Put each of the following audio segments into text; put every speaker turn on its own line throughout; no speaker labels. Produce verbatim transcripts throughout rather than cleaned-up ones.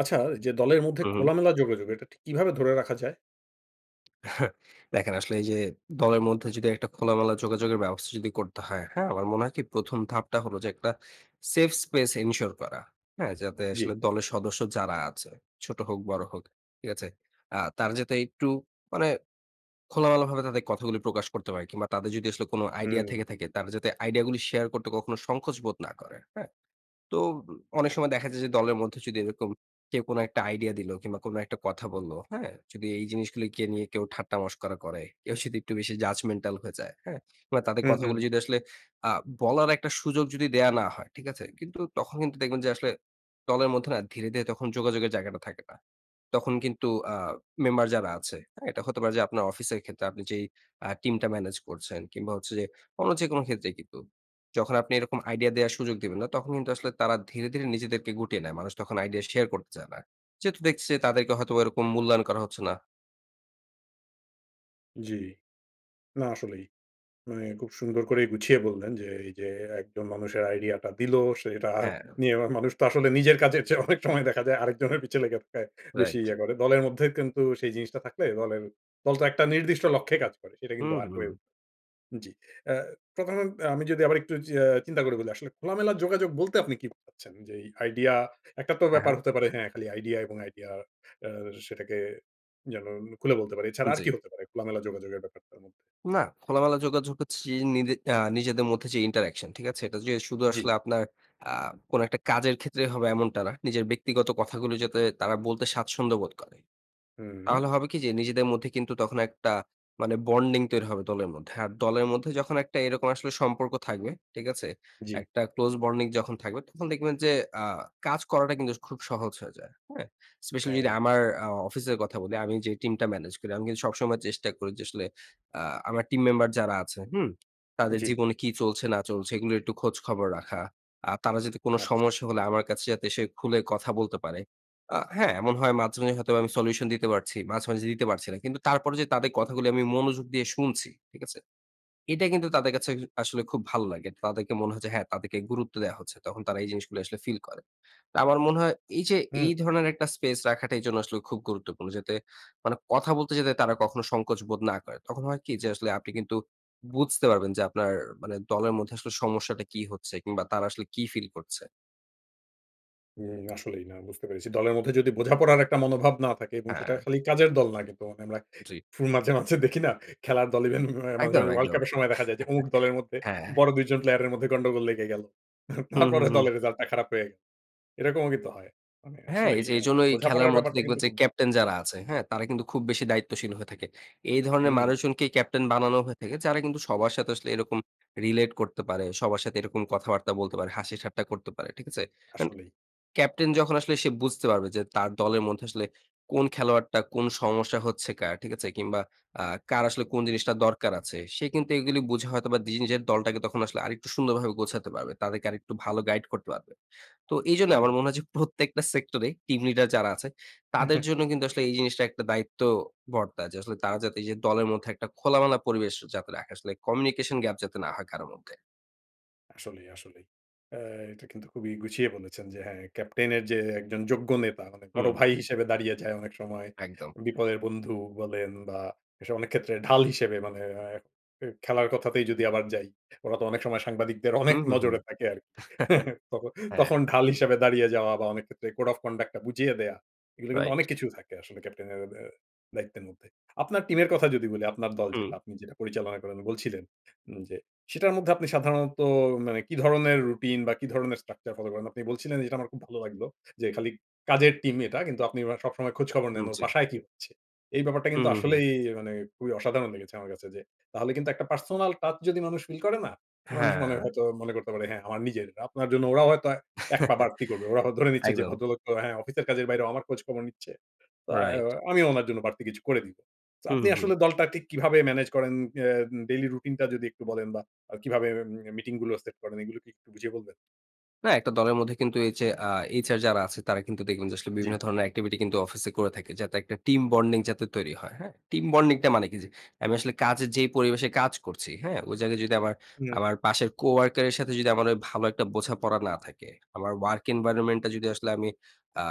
আচ্ছা, যে দলের মধ্যে
হুম, হুম।
খোলামেলা যোগাযোগ, এটা ঠিক কীভাবে ধরে রাখা যায়?
দেখেন, আসলে এইযে দলের মধ্যে যদি একটা খোলামেলা যোগাযোগের ব্যবস্থা যদি করতে হয়, হ্যাঁ? আমার মনে হয় কি? প্রথম ধাপটা হলো যে একটা safe space ensure করা। হ্যা? যাতে আসলে
জ্বি।
দলের সদস্য যারা আছে, ছোট হোক, বড় হোক। ঠিক আছে? আ তারা যাতে একটু মানে খোলামেলাভাবে তাদের কথাগুলি প্রকাশ করতে পারে। কিংবা তাদের যদি আসলে কোন আইডিয়া
হুম।
থেকে থাকে, তারা যাতে আইডিয়াগুলি শেয়ার করতে কখনো সংকোচ বোধ না করে। হ্যাঁ? তো অনেক উম সময় দেখা যায় যে দলের মধ্যে যদি এরকম কেউ কোনো একটা আইডিয়া দিল কিংবা কোনো একটা কথা বললো, হ্যাঁ? যদি এই জিনিসগুলিকে নিয়ে কেউ ঠাট্টা মস্করা করে, কেউ যদি একটু বেশি judgemental হয়ে যায়। হ্যা? কিংবা তাদের
হুম, হুম।
কথাগুলি যদি আসলে আ বলার একটা সুযোগ যদি দেওয়া না হয়। ঠিক আছে? কিন্তু তখন কিন্তু দেখবেন যে আসলে দলের মধ্যে না ধীরে, ধীরে যোগাযোগের জায়গাটা থাকে না। তখন কিন্তু আ মেম্বার যারা আছে, হ্যাঁ? এটা হতে পারে যে আপনার অফিসের ক্ষেত্রে, আপনি যেই আ টিমটা ম্যানেজ করছেন কিংবা হচ্ছে যে অন্য যেকোনো ক্ষেত্রেই কিন্তু। যখন আপনি এরকম আইডিয়া দেয়ার সুযোগ দিবেন না, তখন কিন্তু আসলে তারা ধীরে, ধীরে নিজেদেরকে গুটিয়ে নেয়। মানুষ তখন আইডিয়া শেয়ার করতে চায় না। যেহেতু দেখছে যে তাদেরকে হয়তোবা এরকম মূল্যায়ন করা হচ্ছে না।
জ্বি। না আসলেই। মানে খুব সুন্দর করেই গুছিয়ে বললেন যে, এই যে একজন মানুষের আইডিয়াটা দিলো, সে এটা
হ্যাঁ।
নিয়ে আবার মানুষ তো আসলে নিজের কাজের চেয়ে অনেক সময় দেখা যায় আরেকজনের পিছে লেগে থাকায় বেশি
রাইট।
ইয়ে করে। দলের মধ্যে কিন্তু সেই জিনিসটা থাকলে দলের দল তো একটা নির্দিষ্ট লক্ষ্যে কাজ করে। সেটা কিন্তু
হুম,
আর হয়ে
হুম।
উঠে জি। এ্যা তখন আমি যদি আবার একটু যে আ চিন্তা করে বলি আসলে খোলামেলা যোগাযোগ বলতে আপনি কি বোঝাচ্ছেন? যে আইডিয়া একটা তো
হ্যাঁ,
ব্যাপার
হ্যাঁ।
হতে পারে হ্যাঁ, খালি আইডিয়া এবং আইডিয়া আ সেটাকে যেন খুলে বলতে পারি। এছাড়া আর
জ্বি।
কি হতে পারে? খোলামেলা যোগাযোগের ব্যাপারটার মধ্যে?
না, খোলামেলা যোগাযোগ হচ্ছি নিজে আ নিজেদের মধ্যে যে interaction ঠিক আছে? এটা যে শুধু
জ্বি।
আসলে আপনার আ কোনো একটা কাজের ক্ষেত্রে হবে এমনটা না। নিজের ব্যক্তিগত কথাগুলি যাতে তারা বলতে স্বাচ্ছন্দ্য বোধ করে।
হুম।
তাহলে হবে কি যে, নিজেদের মধ্যে কিন্তু তখন একটা মানে বন্ডিং তৈরি হবে দলের মধ্যে। আর দলের মধ্যে যখন একটা এরকম আসলে সম্পর্ক থাকবে, ঠিক আছে?
জ্বি।
একটা ক্লোজ বন্ডিং যখন থাকবে তখন দেখবেন যে আ কাজ করাটা কিন্তু খুব সহজ হয়ে যায়। হ্যাঁ? স্পেশালি
হ্যাঁ।
রামার আ অফিসের কথা বলি, আমি যেই টিমটা ম্যানেজ করি। আমি কিন্তু সবসময় চেষ্টা করি যে আসলে আ আমার টিম মেম্বার যারা আছে, হুম? তাদের
জ্বি।
জীবনে কি চলছে, না চলছে এগুলোর একটু খোঁজখবর রাখা। আ তারা যাতে কোন
আচ্ছা।
সমস্যা হলে আমার কাছে যাতে এসে খুলে কথা বলতে পারে। আ হ্যাঁ? এমন হয় মাঝে, মাঝেই হয়তোবা আমি সলিউশন দিতে পারছি। মাঝে, মাঝে, দিতে পারছি না। কিন্তু তারপরও যে তাদের কথাগুলি আমি মনোযোগ দিয়ে শুনছি। ঠিক আছে? এটা কিন্তু তাদের কাছে [unintelligible] আসলে খুব ভালো লাগে। তাদেরকে মনে হয় যে হ্যাঁ, তাদেরকে গুরুত্ব দেয়া হচ্ছে। তখন তারা এই জিনিসগুলি আসলে ফিল করে। তো আমার মনে হয় এই যে,
হুম।
এই ধরনের একটা স্পেস রাখাটা, এই জন্য আসলে খুব গুরুত্বপূর্ণ। যাতে মানে কথা বলতে যেতে তারা কখনো সংকোচ বোধ না করে। তখন হয় কি যে, আসলে আপনি কিন্তু বুঝতে পারবেন যে, আপনার মানে দলের মধ্যে আসলে সমস্যাটা কি হচ্ছে? কিংবা তারা আসলে কী ফিল করছে?
উম আসলেই না, বুঝতে পেরেছি। দলের মধ্যে যদি বোঝাপড়ার একটা মনোভাব না থাকে এবং সেটা
হ্যাঁ।
খালি কাজের দল না কিন্তু আমরা
জ্বি।
ফু মাঝে, মাঝে দেখি না? খেলার দল ইভেন মাঝে, মাঝে
একদম,
ওয়ার্ল্ড
একদম।
কাপের সময় দেখা যায় যে অমুক দলের মধ্যে
হ্যাঁ।
বড় দুই জন প্লেয়ারের মধ্যে গন্ডগোল লেগে গেল।
হুম, হুম,
তারপরে
হুম।
দলের রেজাল্টটা খারাপ হয়, এরকমও কিন্তু হয়। মানে
হ্যাঁ,
আসলেই
এইযে
অ্যা
এইজন্য এই খেলার
বোঝাপড়ার
মধ্যে
ব্যাপারটা
দেখবেন
কিন্তু
যে
খুব
ক্যাপ্টেন
জ্বি।
যারা আছে, হ্যাঁ? তারা কিন্তু খুব বেশি দায়িত্বশীল হয়ে থাকে। এই ধরনের
হুম।
মানুষজনকেই ক্যাপ্টেন বানানো হয়ে থাকে, যারা কিন্তু সবার সাথে আসলে এরকম relate করতে পারে। সবার সাথে এরকম কথাবার্তা বলতে পারে, হাসি ঠাট্টা করতে পারে, ঠিক আছে? অন
আসলেই।
ক্যাপ্টেন যখন আসলে সে বুঝতে পারবে যে তার দলের মধ্যে আসলে কোন খেলোয়াড়টা কোন সমস্যা হচ্ছে কার, ঠিক আছে? কিংবা আ কার আসলে কোন জিনিসটা দরকার আছে? সে কিন্তু এগুলি বুঝে হয়তোবা দি নিজের দলটাকে তখন আসলে আরেকটু সুন্দরভাবে গোছাতে পারবে। তাদেরকে আরেকটু ভালো গাইড করতে পারবে। তো এইজন্য আমার
হুম।
মনে হয় যে প্রত্যেকটা সেক্টরে টিম লিডার যারা আছে, তাদের জন্য কিন্তু আসলে এই জিনিসটা একটা দায়িত্ব বর্তায়, যে আসলে তারা যাতে এইযে দলের মধ্যে একটা খোলামেলা পরিবেশ যাতে রাখে। আসলে communication gap যাতে না হয় কারো মধ্যে।
আসলেই, আসলেই। আ এটা কিন্তু খুবই গুছিয়ে বলেছেন যে, হ্যাঁ ক্যাপ্টেনের যে একজন যোগ্য নেতা মানে বড়
হুম।
ভাই হিসেবে দাঁড়িয়ে যায় অনেক সময়।
একদম।
বিপদের বন্ধু বলেন বা, এসব অনেক ক্ষেত্রে ঢাল হিসেবে মানে অ্যা এ খেলার কথাতেই যদি আবার যাই, ওরা তো অনেক সময় সাংবাদিকদের অনেক
হুম, হু, হু।
নজরে থাকে আরকি। তখন
হ্যাঁ।
তখন ঢাল হিসেবে দাঁড়িয়ে যাওয়া বা, অনেক ক্ষেত্রে code of conduct টা বুঝিয়ে দেয়া, এগুলো কিন্তু
রাইট।
অনেক কিছু থাকে আসলে ক্যাপ্টেনের অ্যা ব্যা দায়িত্বের মধ্যে। আপনার টিমের কথা যদি বলি, আপনার দল
হুম।
যেটা, আপনি যেটা পরিচালনা করেন বলছিলেন, উম যে সেটার মধ্যে আপনি সাধারণত মানে কি ধরনের রুটিন বা, কি ধরনের structure ফলো করেন? আপনি বলছিলেন যেটা আমার খুব ভালো লাগলো, যে খালি কাজের টিম এটা, কিন্তু আপনি আবার সবসময় খোঁজখবর
উম
নেন, ওর
জ্বি।
বাসায় কী হচ্ছে? এই ব্যাপারটা কিন্তু
হুম, হুম, হুম।
আসলেই এ মানে খুবই অসাধারণ লেগেছে আমার কাছে, যে তাহলে কিন্তু একটা personal touch যদি মানুষ ফিল করে না? মানুষ মানে
হ্যাঁ।
হয়তো মনে করতে পারে, "হ্যাঁ, আমার নিজের। আপনার জন্য ওরাও হয়তো এক পা বাড়তি করবে। ওরা হ ধরে নিচ্ছে যে
একদম।
ভদ্রলোক তো হ্যাঁ, অফিসের কাজের বাইরেও আমার খোঁজখবর নিচ্ছে। তো অ্যাও
রাইট।
আমিও উনার জন্য বাড়তি কিছু করে দিব।" তো
হুম,
আপনি
হুম, হুম।
আসলে দলটা ঠিক কিভাবে ম্যানেজ করেন? অ্যাম ডেইলি রুটিনটা যদি একটু বলেন? বা, আ কিভাবে এম মিটিংগুলো সেট করেন? এগুলো কি একটু বুঝিয়ে বলবেন?
না একটা দলের মধ্যে কিন্তু এই যে আ এইচ আর যারা আছে তারা কিন্তু দেখবেন যে আসলে
জ্বি।
বিভিন্ন ধরনের একটিভিটি কিন্তু অফিসে করে থাকে যাতে একটা টিম বন্ডিং যাতে তৈরি হয়। হ্যাঁ? টিম বন্ডিংটা মানে কি? যে আমি আসলে কাজের যে পরিবেশে কাজ করছি, হ্যাঁ? ওই জায়গায় যদি আমার,
হুম।
আমার পাশের কোয়ার্কার এর সাথে যদি আমার ভালো একটা বোঝাপড়া না থাকে, আমার ওয়ার্ক এনভায়রনমেন্টটা যদি আসলে আমি আ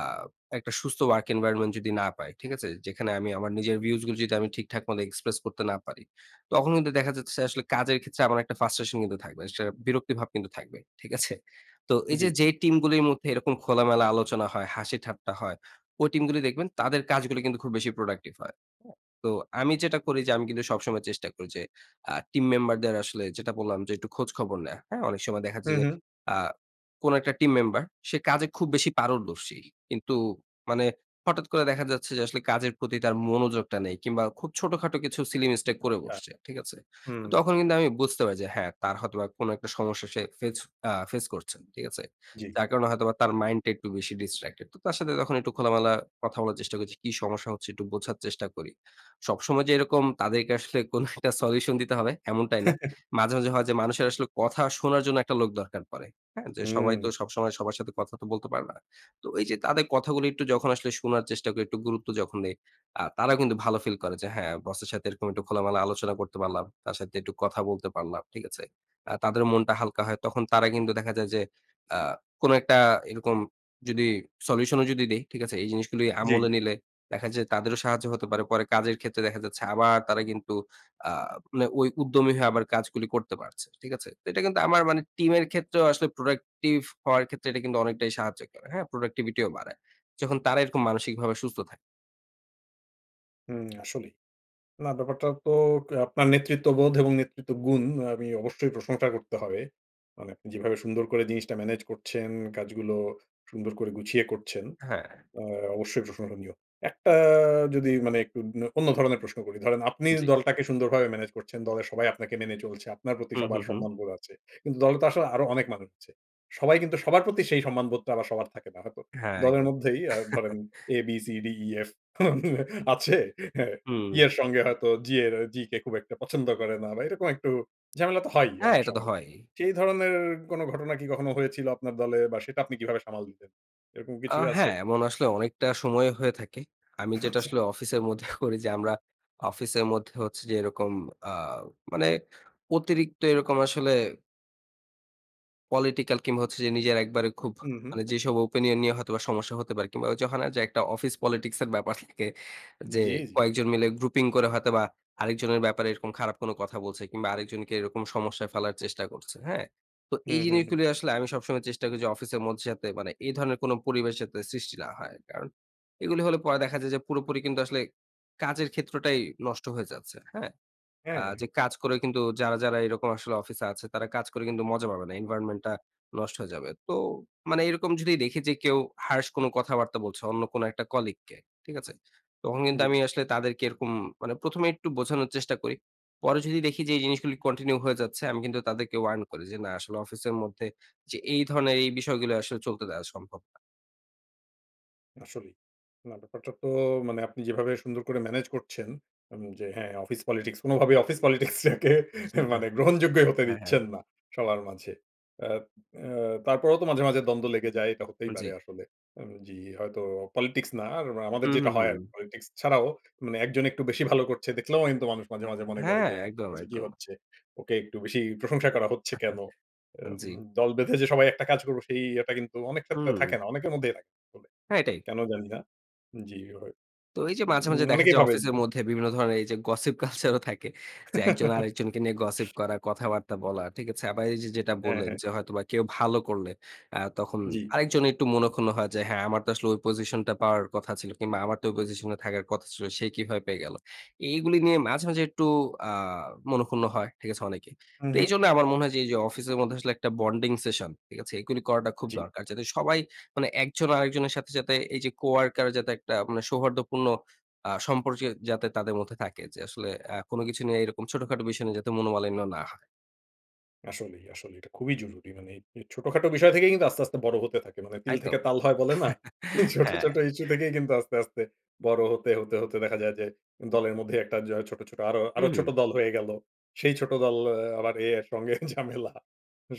একটা সুস্থ ওয়ার্ক এনভায়রনমেন্ট যদি না পাই, ঠিক আছে? যেখানে আমি আমার নিজের ভিউজ গুলো যদি ঠিকঠাক মত এক্সপ্রেস করতে না পারি। তখন কিন্তু দেখা যাচ্ছে, আসলে কাজের ক্ষেত্রে আমার একটা ফ্রাস্ট্রেশন কিন্তু থাকবে। যে বিরক্তি ভাব কিন্তু থাকবে, ঠিক আছে? তো এই যে,
জ্বি।
যে টিমগুলির মধ্যে এরকম খোলামেলা আলোচনা হয়, হাসিঠাট্টা হয়, ওই টিমগুলি দেখবেন তাদের কাজগুলি কিন্তু খুব বেশি প্রোডাক্টিভ হয়। হ্যাঁ? তো আমি যেটা করি যে, আমি কিন্তু সবসময় চেষ্টা করি যে আ টিম মেম্বারদের আসলে যেটা বললাম যে একটু খোঁজখবর নেয়া, হ্যা? অনেক সময় দেখাচ্ছে
হুম,
যে,
হুম।
আ কোন একটা টিম মেম্বার সে কাজে খুব বেশি পারদর্শী। কিন্তু মানে হঠাৎ করে দেখা যাচ্ছে যে, আসলে কাজের প্রতি তার মনোযোগটা নেই। কিংবা খুব ছোটখাটো কিছু সিলি মিস্টেক করে
আচ্ছা।
বসছে, ঠিক আছে? তো
হুম।
তখন কিন্তু আমি বুঝতে পারি যে, হ্যাঁ, তার হয়তোবা কোন একটা সমস্যা সে ফেস আ ফেস করছে। ঠিক আছে?
জ্বি।
যার কারণে হয়তোবা তার মাইন্ড টা একটু বেশি ডিস্ট্রাক্টেড। তো তার সাথে তখন একটু খোলামেলা কথা বলার চেষ্টা করি যে, কি সমস্যা হচ্ছে? একটু বোঝার চেষ্টা করি। সবসময় যে এরকম তাদেরকে আসলে কোনো একটা সলিউশন দিতে হবে, এমনটাই না। মাঝে, মাঝে হয় যে, মানুষের আসলে কথা শোনার জন্য একটা লোক দরকার পড়ে, হ্যা? সবাই
হুম।
তো সবসময় সবার সাথে কথা তো বলতে পারে না। তো এই যে তাদের কথাগুলো একটু যখন আসলে শোনার চেষ্টা করি, একটু গুরুত্ব যখন দেই, আ তারাও কিন্তু ভালো ফিল করে যে, হ্যাঁ, বস এর সাথে একটু খোলামেলা আলোচনা করতে পারলাম। তার সাথে একটু কথা বলতে পারলাম। ঠিক আছে? আ তাদের মনটা হালকা হয়। তখন তারা কিন্তু দেখা যায় যে আ কোনো একটা এরকম যদি সলিউশন ও যদি দেই ঠিক আছে? এই জিনিসগুলি
জ্বি।
আমলে নিলে দেখা যায় তাদেরও সাহায্য হতে পারে। পরে কাজের ক্ষেত্রে দেখা যাচ্ছে আবার তারা কিন্তু আ মানে ওই উদ্যমী হয়ে আবার কাজগুলি করতে পারছে। ঠিক আছে? তো এটা কিন্তু আমার মানে টিমের ক্ষেত্রেও আসলে প্রোডাক্টিভ হওয়ার ক্ষেত্রে এটা কিন্তু অনেকটাই সাহায্য করে, হ্যাঁ? প্রোডাক্টিভিটিও বাড়ায়। যখন তারা এরকম মানসিকভাবে সুস্থ থাকে।
হুম, আসলেই। না ব্যাপারটা তো কে আপনার নেতৃত্ববোধ এবং নেতৃত্ব গুণ আ আমি অবশ্যই প্রশংসা করতে হবে। মানে যেভাবে সুন্দর করে জিনিসটা ম্যানেজ করছেন কাজগুলো, সুন্দর করে গুছিয়ে করছেন।
হ্যাঁ।
আ অবশ্যই প্রশংসনীয়। একটা যদি মানে একটু নে অন্য ধরনের প্রশ্ন করি। ধরেন আপনি
জী।
দলটাকে সুন্দরভাবে ম্যানেজ করছেন। দলের সবাই আপনাকে মেনে চলছে। আপনার প্রতি
হুম,
সবার
হুম, হুম।
সম্মানবোধ আছে। কিন্তু দলে তো আসলে আরো অনেক মানুষ আছে। সবাই কিন্তু সবার প্রতি সেই সম্মানবোধটা আবার সবার থাকে না হয়তো।
হ্যাঁ,
দলের
একদম।
মধ্যেই আ ধরেন A, B, C, D, E, F আছে। হ্যাঁ, E
হুম।
এর সঙ্গে হয়তো G এর আ G কে খুব একটা পছন্দ করে না বা, এরকম একটু ঝামেলা তো হয়ই
হ্যাঁ,
অনেক
এটা তো
সময়।
হয়ই।
সেই ধরনের এ কোন ঘটনা কি কখনো হয়েছিল আপনার দলে বা, সেটা আপনি কিভাবে সামাল দিতেন? এরকম
আ
কিছু কি আছে?
হ্যাঁ, এমন আসলে অনেকটা সময়ে হয়ে থাকে। আমি যেটা
আচ্ছা।
আসলে অফিসের মধ্যে করি যে আমরা অফিসের মধ্যে হচ্ছে যে এরকম আ মানে অতিরিক্ত এরকম আসলে political কিংবা হচ্ছে যে নিজের একবারে খুব
হুম, হুম।
মানে যেসব opinion নিয়ে হয়তোবা সমস্যা হতে পারে কিংবা ওইযে হয় না? যে একটা অফিস politics এর ব্যাপার থাকে যে,
জি, জি।
কয়েকজন মিলে grouping করে হয়তোবা আরেকজনের ব্যাপারে এরকম খারাপ কোনো কথা বলছে কিংবা আরেকজনকে এরকম সমস্যায় ফালার চেষ্টা করছে। হ্যাঁ? তো এই
হুম, হুম, হুম।
জিনিসগুলি আসলে আমি সবসময় চেষ্টা করি যে অফিসের মধ্যে যাতে মানে এই ধরনের কোন পরিবেশ যাতে সৃষ্টি না হয়। কারণ এগুলি হলে পরে দেখা যায় যে পুরোপুরি কিন্তু আসলে কাজের ক্ষেত্রটাই নষ্ট হয়ে যাচ্ছে। হ্যাঁ? আ যে
হ্যাঁ।
কাজ করে কিন্তু যারা, যারা এরকম আসলে অফিসে আছে, তারা কাজ করে কিন্তু মজা পাবে না। এনভায়রনমেন্টটা নষ্ট হয়ে যাবে। তো মানে এরকম যদি দেখি যে কেউ harsh কোন কথাবার্তা বলছে অন্য কোন একটা কলিগকে, ঠিক আছে? তখন কিন্তু
জি।
আমি আসলে তাদেরকে এরকম মানে প্রথম এ একটু বোঝানোর চেষ্টা করি। পরে যদি দেখি যে এই জিনিসগুলো continue হয়ে যাচ্ছে আমি কিন্তু তাদেরকে warn করি যে না আসলে অফিসের মধ্যে যে এই ধরণের এই বিষয়গুলো আসলে চলতে দেওয়া সম্ভব না।
আসলেই। না ব্যাপারটা তো মানে আপনি যেভাবে সুন্দর করে ম্যানেজ করছেন, এবং যে হ্যাঁ, অফিস পলিটিক্স, কোনভাবেই অফিস পলিটিক্সটাকে
হ্যাঁ,
মানে গ্রহণযোগ্যই হতে
হ্যাঁ, হ্যাঁ।
দিচ্ছেন না, সবার মাঝে। আ আ তারপরেও তো মাঝে, মাঝে দ্বন্দ্ব লেগে যায়। এটা হতেই পারে
জি।
আসলে। উ জি, হয়তো পলিটিক্স না, আর আমাদের
হুম,
যেইটা
হুম,
হয়
হুম।
আরকি। পলিটিক্স ছাড়াও মানে একজন একটু বেশি ভালো করছে, দেখলেও কিন্তু মানুষ মাঝে, মাঝে মনে করে
হ্যাঁ,
যে, "হ্যাঁ
একদম,
আচ্ছা কি
একদম।
হচ্ছে? ওকে একটু বেশিই প্রশংসা করা হচ্ছে কেনো?" আ
আ
ব
জি।
দল বেঁধে যে সবাই একটা কাজ করবে, সেই ইয়েটা কিন্তু অনেক ক্ষেত্রে
হুম।
থাকে না। অনেকের মধ্যেই থাকে। তবে
হ্যাঁ, এইটাই।
কেন জানি না, জি।
তো এই যে মাঝে, মাঝে
উম
দেখা
অনেকেই
যায়,
ভাবেন
অফিসের
উ
মধ্যে বিভিন্ন ধরনের এই যে গসিপ কালচার ও থাকে। যে এক জন আরেকজনকে নিয়ে গসিপ করা, কথাবার্তা বলা। ঠিক আছে? আবার এই যে যেটা
হ্যাঁ,
বললেন,
হ্যাঁ।
যে হয়তোবা কেউ ভালো করলে অ্যা তখন
জি।
আরেকজন একটু মনোক্ষুণ্ণ হয়। যে, "হ্যাঁ, আমার তো আসলে ওই পজিশনটা পাওয়ার কথা ছিল।" কিংবা, "আমার তো ওই পজিশনে থাকার কথা ছিল। সে কিভাবে পেয়ে গেলো?" এইগুলি নিয়ে মাঝে, মাঝে একটু আ মনোক্ষুণ্ণ হয়। ঠিক আছে? অনেকেই।
হুম,
তো
হুম।
এইজন্যে আমার মনে হয়, যে এই যে অফিসের মধ্যে আসলে একটা বন্ডিং সেশন, ঠিক আছে? এইগুলি করাটা খুব
জি।
দরকার। যাতে সবাই মানে একজন আরেকজনের সাথে যাতে এই যে কো-ওয়ার্কার যাতে একটা মানে সৌহার্দ্যপূর্ণ আ সম্পর্যে যাতে তাদের মধ্যে থাকে। যে আসলে আ কোন কিছু নিয়ে এরকম ছোটখাটো বিষয় নিয়ে যাতে মনোমালিন্য না হয়।
আসলেই, আসলেই এটা খুবই জরুরি। মানে এই ছোটখাটো বিষয় থেকেই কিন্তু আস্তে, আস্তে বড় হতে থাকে। মানে তিল থেকে
একদম।
তাল হয়, বলে না? ছোট,
হ্যাঁ।
ছোট ইস্যু থেকেই কিন্তু আস্তে, আস্তে বড় হতে, হতে, হতে দেখা যায়, যে দলের মধ্যেই একটা য ছোট, ছোট আরো,
উ
আরো ছোট
হুম।
দল হয়ে গেলো। সেই ছোট দল এ আবার এ, এর সঙ্গে ঝামেলা।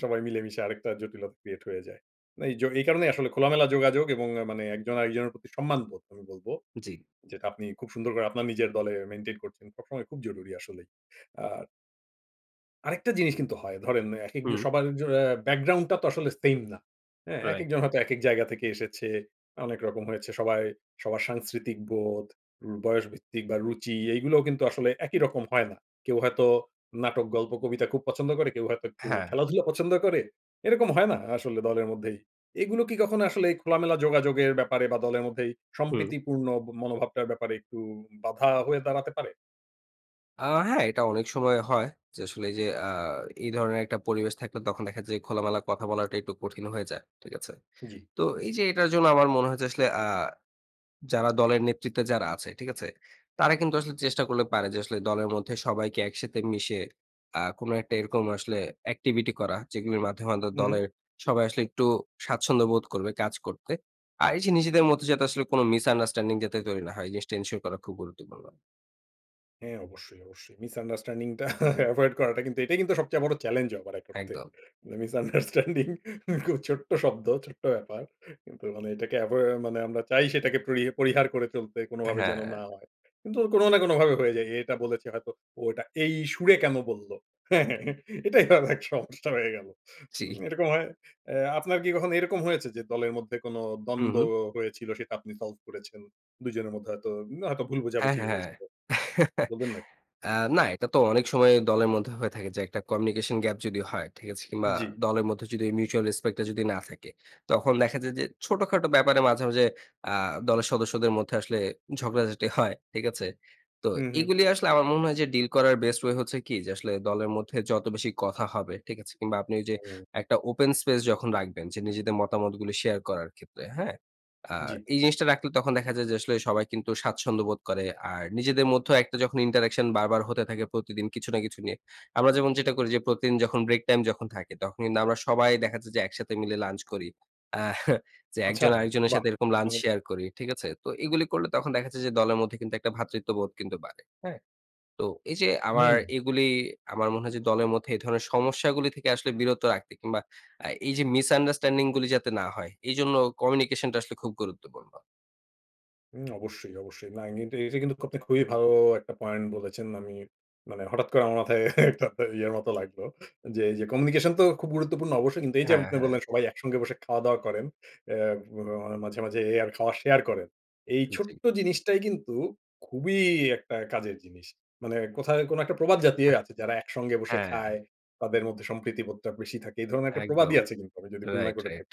সবাই মিলেমিশে আরেকটা জটিলতা ক্রিয়েট হয়ে যায়। না এই জ এই কারণেই আসলে খোলামেলা যোগাযোগ, এবং মানে একজন আরেকজনের প্রতি সম্মানবোধ আমি বলব।
জি।
যেটা আপনি খুব সুন্দর করে আপনার নিজের দলে মেইনটেইন করছেন। সবসময় খুব জরুরি আসলেই। আর আরেকটা জিনিস কিন্তু হয়। ধরেন এক এক যে
হুম।
সবার য ব্যাকগ্রাউন্ড টা তো আসলে সেইম না। হ্যাঁ?
রাইট।
একেকজন হয়তো একেক জায়গা থেকে এসেছে। অনেক রকম হয়েছে সবাই সবার সাংস্কৃতিক বোধ, ব বয়সভিত্তিক বা রুচি এইগুলাও কিন্তু আসলে একই রকম হয় না। কেউ হয়তো নাটক, গল্প, কবিতা খুব পছন্দ করে, কেউ হয়তো একটু
হ্যাঁ।
খেলাধুলা পছন্দ করে। এরকম হয় না আসলে দলের মধ্যেই। এগুলো কি কখনো আসলে খোলামেলা যোগাযোগের ব্যাপারে বা দলের মধ্যে
হুম।
সম্প্রীতিপূর্ণ মনোভাবটার ব্যাপারে একটু বাধা হয়ে দাঁড়াতে পারে?
আ হ্যাঁ, এটা অনেক সময় হয় যে আসলে এই যে আ এই ধরনের একটা পরিবেশ থাকলে, তখন দেখা যায় খোলামেলা কথা বলাটা একটু কঠিন হয়ে যায়। ঠিক আছে?
জি।
তো এই যে এটার জন্য আমার মনে হয় যে আসলে আ যারা দলের নেতৃত্বে যারা আছে, ঠিক আছে? তারা কিন্তু আসলে চেষ্টা করলে পারে যে আসলে দলের মধ্যে সবাইকে একসাথে মিশে, আ কোন একটা এরকম আসলে অ্যাক্টিভিটি করা, যেগুলির মাধ্যমে হয়তো
উ হুম।
দলের সবাই আসলে একটু স্বাচ্ছন্দ্য বোধ করবে কাজ করতে। আর এই যে নিজেদের মধ্যে যাতে আসলে কোন মিসআন্ডারস্ট্যান্ডিং যাতে তৈরি না হয়, এই জিনিসটা এনসিওর করা খুব গুরুত্বপূর্ণ।
হ্যাঁ, অবশ্যই, অবশ্যই। মিসআন্ডারস্ট্যান্ডিং টা এভয়েড করাটা কিন্তু এটাই কিন্তু সবচেয়ে বড় চ্যালেঞ্জ, আবার এক অর্থে।
একদম।
মিসআন্ডারস্ট্যান্ডিং খুব ছোট্ট শব্দ, ছোট্ট ব্যাপার। কিন্তু মানে এটাকে এভোই মানে আমরা চাই সেটাকে পরি পরিহার করে চলতে কোনো
অ্যা
ভাবে
হ্যাঁ।
যেন না হয়। কিন্তু কোনো না কোনোভাবে হয়ে যায়। এ, এটা বলেছে হয়তো, ও এটা এই সুরে কেন বলল? হ্যাঁ, হ্যাঁ, হ্যাঁ এটাই অনেক সমস্যা হয়ে গেল। উম
জ্বি।
এরকম হয় এ আপনার কি কখনও এরকম হয়েছে? যে দলের মধ্যে কোন
হুম,
দ্বন্দ্ব
হুম।
হয়েছিল, সেটা আপনি সলভ করেছেন। দুই জনের মধ্যে হয়তো উ হয়তো ভুল
হ্যাঁ,
বোঝাবোঝিই
হ্যাঁ, হ্যাঁ।
হয়েছিল। বলবেন নাকি?
এ না এটা তো অনেক সময় দলের মধ্যে হয়ে থাকে যে একটা কমিউনিকেশন গ্যাপ যদি হয় ঠিক আছে? কিংবা
জ্বি।
দলের মধ্যে যদি ওই মিউচুয়াল রেসপেক্ট টা যদি না থাকে। তখন দেখা যায় যে ছোটখাটো ব্যাপারে মাঝে, মাঝে আ দলের সদস্যদের মধ্যে আসলে ঝগড়াঝাটি হয়। ঠিক আছে? তো
হুম, হুম।
এগুলি আসলে আমার মনে হয় যে ডিল করার বেস্ট ওয়ে হচ্ছে কি যে, আসলে দলের মধ্যে যত বেশি কথা হবে, ঠিক আছে? কিংবা আপনি ওইযে
হুম।
একটা ওপেন স্পেস যখন রাখবেন যে নিজেদের মতামতগুলি শেয়ার করার ক্ষেত্রে, হ্যাঁ? আ
জ্বি।
এই জিনিসটা রাখলে তখন দেখা যায় যে আসলে সবাই কিন্তু স্বাচ্ছন্দ্য বোধ করে। আর নিজেদের মধ্যেও একটা যখন ইন্টারেকশন বারবার হতে থাকে প্রতিদিন কিছু না কিছু নিয়ে। আমরা যেমন যেটা করি যে প্রতিদিন যখন ব্রেক টাইম যখন থাকে, তখন কিন্তু আমরা সবাই দেখা যাচ্ছে যে একসাথে মিলে লাঞ্চ করি। আহ যে
আচ্ছা,
একজন আরেকজনের
বাহ!
সাথে এরকম লাঞ্চ
মানে
শেয়ার করি। ঠিক আছে? তো এগুলি করলে তখন দেখা যাচ্ছে যে দলের মধ্যে কিন্তু একটা ভ্রাতৃত্ববোধ কিন্তু বাড়ে। হ্যাঁ? তো এই যে আমার
হুম।
এগুলি আমার মনে হয়, যে দলের মধ্যে এ ধরনের সমস্যাগুলি থেকে আসলে বিরত রাখে কিংবা আ এই যে মিসআন্ডারস্ট্যান্ডিং গুলি যাতে না হয়, এইজন্য কমিউনিকেশন টা আসলে খুব গুরুত্বপূর্ণ।
উম অবশ্যই, অবশ্যই। না, এমনিতে এইটা কিন্তু খুবই ভালো একটা পয়েন্ট বলেছেন। আমি মানে হঠাৎ করে আমার মাথায় একটা ত ইয়ের মত লাগলো, যে এই যে কমিউনিকেশন তো খুব গুরুত্বপূর্ণ অবশ্যই। কিন্তু এই যে
হ্যাঁ,
আপনি
হ্যাঁ।
বললেন, সবাই একসঙ্গে বসে খাওয়া-দাওয়া করেন। অ্যা অ মাঝে, মাঝে আবার খাওয়া শেয়ার করেন। এই
জী।
ছোট্ট জিনিসটাই কিন্তু খুবই একটা কাজের জিনিস। মানে কোথায় কোনো একটা প্রবাদ জাতীয় আছে, যারা একসঙ্গে বসে খায়,
হ্যাঁ।
তাদের মধ্যে সম্প্রীতিবোধটা বেশি থাকে। এই ধরনের একটা প্রবাদই
একদম,
আছে, কিন্তু আমি যদি ভুল না
রাইট,
করে
রাইট।
থাকি।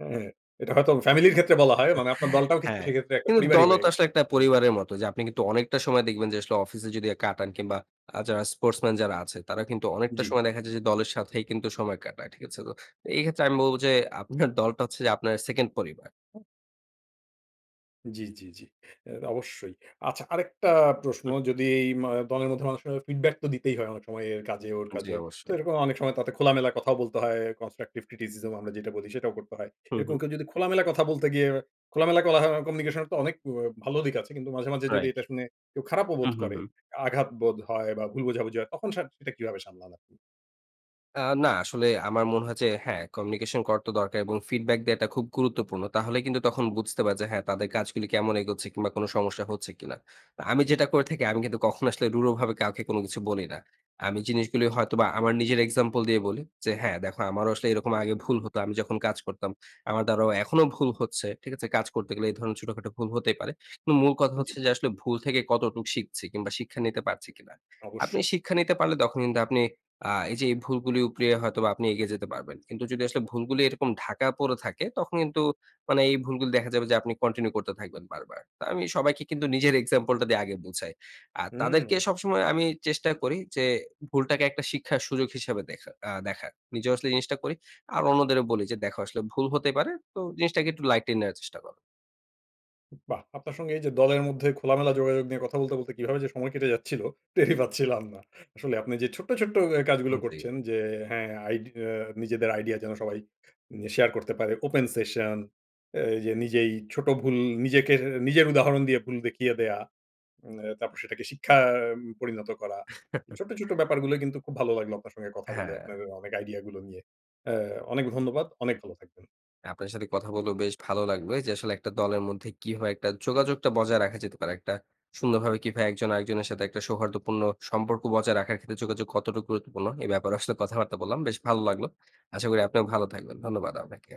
হ্যাঁ? এটা হয়তো ফ্যামিলির ক্ষেত্রে বলা হয়। মানে আপনার দলটাও কিন্তু
হ্যাঁ।
সেক্ষেত্রে একটা
কিন্তু
পরিবারই
দলও
হয়ে
তো
গেছে।
আসলে একটা
[unintelligible]
পরিবারের মত। যে আপনি কিন্তু অনেকটা সময় দেখবেন, যে আসলে অফিসে যদি আ কাটান, কিংবা আ যারা স্পোর্টসম্যান যারা আছে, তারা কিন্তু অনেকটা
জি।
সময় দেখা যায় যে দলের সাথেই কিন্তু সময় কাটায়। ঠিক আছে? তো এই ক্ষেত্রে আমি বলব, যে আপনার দলটা হচ্ছে যে আপনার সেকেন্ড পরিবার। হ্যাঁ?
জি, জি, জি। এ অবশ্যই। আচ্ছা, আরেকটা প্রশ্ন
হুম।
যদি ইমা দলের মধ্যে মানুষকে কিন্তু ফিডব্যাক তো দিতেই হয় অনেক সময়। এর কাজে, ওর
জি,
কাজে। তো
অবশ্যই।
এরকম অনেক সময় তাতে খোলামেলা কথাও বলতে হয়। কনস্ট্রাকটিভ ক্রিটিসিজম আমরা যেটা বলি সেটাও করতে হয়।
হু,
এরকম
হুম।
কেউ যদি খোলামেলা কথা বলতে গিয়ে, খোলামেলা কোলাহ কমিউনিকেশন এর তো অনেক ভালো দিক আছে। কিন্তু মাঝে, মাঝে যদি
রাইট,
এটা শুনে কেউ খারাপও বোধ
হুম, হুম,
করে,
হুম।
আঘাত বোধ হয়, বা ভুল বোঝাবুঝি হয় তখন সেট সেটা কিভাবে সামলান আপনি?
আ না আসলে আমার মনে হয় যে, হ্যাঁ, communication করার তো দরকার এবং feedback দেয়াটা খুব গুরুত্বপূর্ণ। তাহলে কিন্তু তখন বুঝতে পারি যে, হ্যাঁ, তাদের কাজগুলি কেমন এগোচ্ছে কিংবা কোন সমস্যা হচ্ছে কিনা? আ আমি যেটা করে থাকি, আমি কিন্তু কখনো আসলে রূঢ়ভাবে কাউকে কোনো কিছু বলি না। আমি জিনিসগুলি হয়তোবা আমার নিজের example দিয়ে বলি যে "হ্যাঁ, দেখো আমারও আসলে এরকম আগে ভুল হতো। আমি যখন কাজ করতাম আমার দ্বারাও এখনো ভুল হচ্ছে। ঠিক আছে? কাজ করতে গেলে এই ধরনের ছোটখাটো ভুল হতেই পারে। কিম মূল কথা
জ্বি।
হচ্ছে যে আসলে ভুল থেকে কতটুক শিখছি। কিংবা শিক্ষা নিতে পারছি কিনা? আপনি
অবশ্যই।
শিক্ষা নিতে পারলে তখন কিন্তু আপনি আ এইযে এই ভুলগুলি উপড়িয়ে হয়তোবা আপনি এগিয়ে যেতে পারবেন। কিন্তু যদি আসলে ভুলগুলি এরকম ঢাকা পড়ে থাকে, তখন কিন্তু মানে এই ভুলগুলি দেখা যাবে যে আপনি continue করতে থাকবেন বারবার।" তো আমি সবাইকে কিন্তু নিজের example টা দিয়ে আগে বোঝাই। আর তাদেরকে
হুম।
সবসময় আমি চেষ্টা করি যে ভুলটাকে একটা শিক্ষার সুযোগ হিসাবে দেখা আ দেখার। নিজেও আসলে জিনিসটা করি। আর অন্যদেরও বলি যে, "দেখো, আসলে ভুল হতেই পারে। তো জিনিসটাকে একটু lightly নেওয়ার চেষ্টা কর।"
বাহ! আপনার সঙ্গে এইযে দলের মধ্যে খোলামেলা যোগাযোগ নিয়ে কথা বলতে, বলতে কীভাবে যে সময় কেটে যাচ্ছিল? টেরই পাচ্ছিলাম না। আসলে আপনি যে ছোট্ট, ছোট্ট এ কাজগুলো
উম জি।
করছেন যে, হ্যাঁ, আইডি এ নিজেদের আইডিয়া যেন সবাই মানে য়ে শেয়ার করতে পারে। Open session, আ এইযে নিজেই ছোট ভুল নিজেকে এর নিজের উদাহরণ দিয়ে ভুল দেখিয়ে দেয়া, উম তারপর সেটাকে শিক্ষা উম পরিণত করা। এই ছোট্ট, ছোট্ট ব্যাপারগুলো কিন্তু খুব ভালো লাগলো আপনার সঙ্গে কথা বলে,
হ্যাঁ।
আপনার অনেক আইডিয়াগুলো নিয়ে। এ অনেক ধন্যবাদ। অনেক ভালো থাকবেন।
আপনার সাথে কথা বলেও বেশ ভালো লাগবে যে আসলে একটা দলের মধ্যে কিভাবে একটা যোগাযোগটা বজায় রাখা যেতে পারে? একটা সুন্দরভাবে কিভাবে একজন আরেকজনের সাথে একটা সৌহার্দ্যপূর্ণ সম্পর্ক বজায় রাখার ক্ষেত্রে যোগাযোগ কতটুক গুরুত্বপূর্ণ? এ ব্যাপারে আসলে কথাবার্তা বললাম। বেশ ভালো লাগলো। আশা করি আপনিও ভালো থাকবেন। ধন্যবাদ আপনাকে।